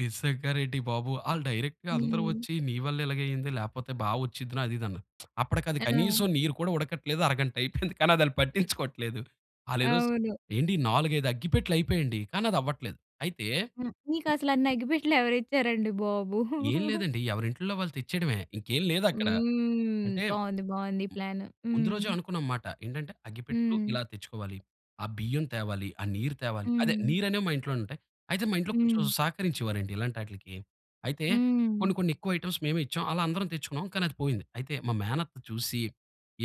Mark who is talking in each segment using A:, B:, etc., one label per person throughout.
A: నిజంగా నండి బాబు. ఆళ్లు డైరెక్ట్‌గా అందరు
B: హ్మ్.
A: వచ్చి నీ వల్లే ఇలగే అయింది. లేపోతే బా వచ్చుద్ది అది ఇది అన్నారు. అప్పటికది
B: ఆ!
A: కనీసం నీరు కూడా ఉడకట్లేదు. అరగంట అయిపోయింది. కానీ అది ఆళ్లు పట్టిచ్చుకోట్లేదు. ఆళ్ళు ఏదో స్
B: అవును.
A: ఏంటి 4, 5 అగ్గిపెట్టెలు అయిపోయండి. కానీ అది అవ్వట్లేదు. అయితే
B: హ్మ్. మీకసలు అన్ని అగ్గిపెట్టెలు ఎవరు ఇచ్చారండి బాబు!
A: ఏం లేదండి. ఎవరి ఇంటిల్లో వాళ్ళు తెచ్చేయడమే. ఇంకేం లేదక్కడ.
B: హ్మ్.
A: అంటే ము
B: బావుంది. బావుంది ఈ ప్లాన్.
A: ముందు రోజే
B: హ్మ్.
A: అనుకున్నాం మాట. ఏంటంటే, అగ్గిపెట్టెలు
B: హ్మ్.
A: ఇలా తెచ్చుకోవాలి. ఆ బియ్యం తేవాలి, ఆ నీరు తేవాలి. అదే
B: హ్మ్.
A: నీరనేవి మా ఇంట్లో ఉంటయి. అయితే మా ఇంట్లో కొంచెం
B: హ్మ్.
A: సహకరించేవారండి ఇలాంటాటిలకి. అయితే
B: హ్మ్.
A: కొన్ని కొన్నెక్కువ ఐటెమ్స్ మేము ఇచ్చాం. అలా అందరం తెచ్చుకున్నాం. కానీ అది పోయింది. అయితే మా మేనత్త చూసి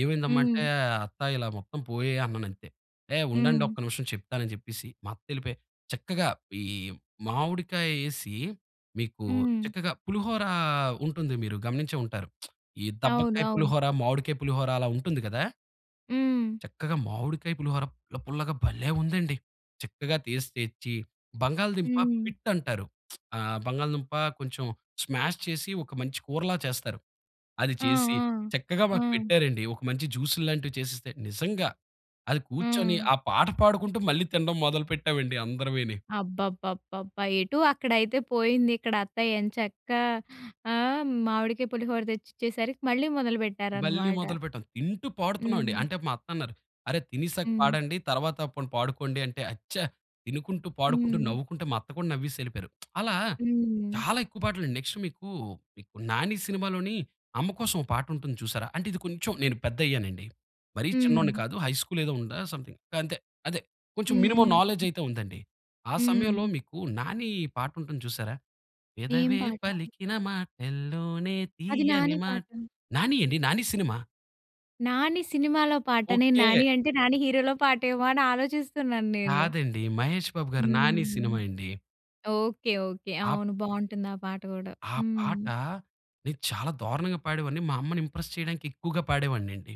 A: ఏమైందమ్మా అంటే,
B: హ్మ్.
A: అత్త ఇలా మొత్తం పోయాయన్నానంతే. "ఏహ్!
B: హ్మ్.
A: ఉండండొక్క నిమిషం చెప్తానని" జెప్పేసి మా అత్తెళ్ళిపోయి చక్కగా ఈ మామిడికాయేసి మీకు
B: హ్మ్.
A: చక్కగా పులిహోర ఉంటుంది మీరు గమనించే ఉంటారు. ఈ
B: అవును,
A: దబ్బకాయ
B: అవును.
A: పులిహోర, మామిడికాయ పులిహోర అలా ఉంటుంది గదా!
B: హ్మ్.
A: చక్కగా మామిడికాయ పులిహోర పుల్ల పుల్ల‌గా భలే ఉందండి! చక్కగా తేసి తెచ్చి బంగాళదుంప
B: హ్మ్.
A: పిట్ అంటారు. ఆ బంగాళదుంప కొంచెం స్మాష్ చేసి ఒక మంచి కూరలా చేస్తారు. అది
B: ఆ!
A: చేసి చక్కగా
B: ఆ!
A: మాకు
B: ఆ!
A: పెట్టారండి. ఒక మంచి జ్యూసు‌ల్లాంటివి చేసిస్తే, నిజంగా అది కూర్చొని
B: ఆ!
A: ఆ పాట పాడుకుంటూ మళ్ళీ తిండం మొదలు పెట్టామండి అందరివీని.
B: అబ్బబ్బబ్బబ్బా! ఎటు అక్కడైతే పోయింది. ఇక్కడ అత్తయ్య ఎంచక్కా ఆ! మామిడికాయ పులిహోర తెచ్చిచ్చేసరికి మళ్ళీ మొదలు
A: మళ్ళీ
B: పెట్టారనమాట.
A: మొదలుపెట్టాం. తింటూ పాడుతున్నాం అండి.
B: హ్మ్.
A: అంటే మా అత్తన్నారు, "అరె! తినేశాక
B: హ్మ్.
A: పాడండి. తర్వాత పోనీ పాడుకోండి" అంటే, అచ్చ తినుకుంటూ, పాడుకుంటూ,
B: హ్మ్.
A: నవ్వుకుంటే మా అత్త కూడా నవ్వేసెళ్ళిపోయారు. అలా
B: హ్మ్.
A: చాలా ఎక్కువ పాటలు. నెక్స్ట్ మీకు "నాని" సినిమాలోని అమ్మ కోసం ఒక పాట ఉంటుంది చూశారా? అంటే ఇది కొంచెం నేను పెద్దయ్యానండి. మరీ చిన్నోడిని
B: హ్మ్.
A: కాదు. హై స్కూల్ ఏదో ఉందా! సమ్‌థింగ్ గంతే. అదే. కొంచెం
B: హ్మ్,
A: మినిమమ్
B: హ్మ్,
A: నాలెడ్జ్
B: హ్మ్.
A: అయితే ఉందండి. ఆ సమయంలో
B: హ్మ్.
A: మీకు నాని పాటుంటుంది చూశారా?
B: ఏం
A: పెదవే
B: పాట?
A: పలికిన మాటల్లోనే
B: అది
A: తియ్యని
B: నాని
A: మాట్
B: పాట.
A: 'నాని' అండి. 'నాని' సినిమా.
B: "నాని" సినిమాలో పాట. నే నాని
A: ఓకె.
B: అంటే నాని హీరోలో పాటేమో అని ఆలోచిస్తున్నాన్నేను.
A: కాదండి. మహేష్ బాబు గారి "నాని" సినిమా
B: హ్మ్.
A: అండి.
B: Okay, okay.
A: ఆప్
B: అవును. బావుంటుందా పాట గూడా.
A: ఆ పాట
B: హ్మ్.
A: నే చాలా దారుణంగా పాడేవాడిని. మా అమ్మని ఇంప్రెస్ చేయడానికి ఎక్కువగా పాడేవాడినండి.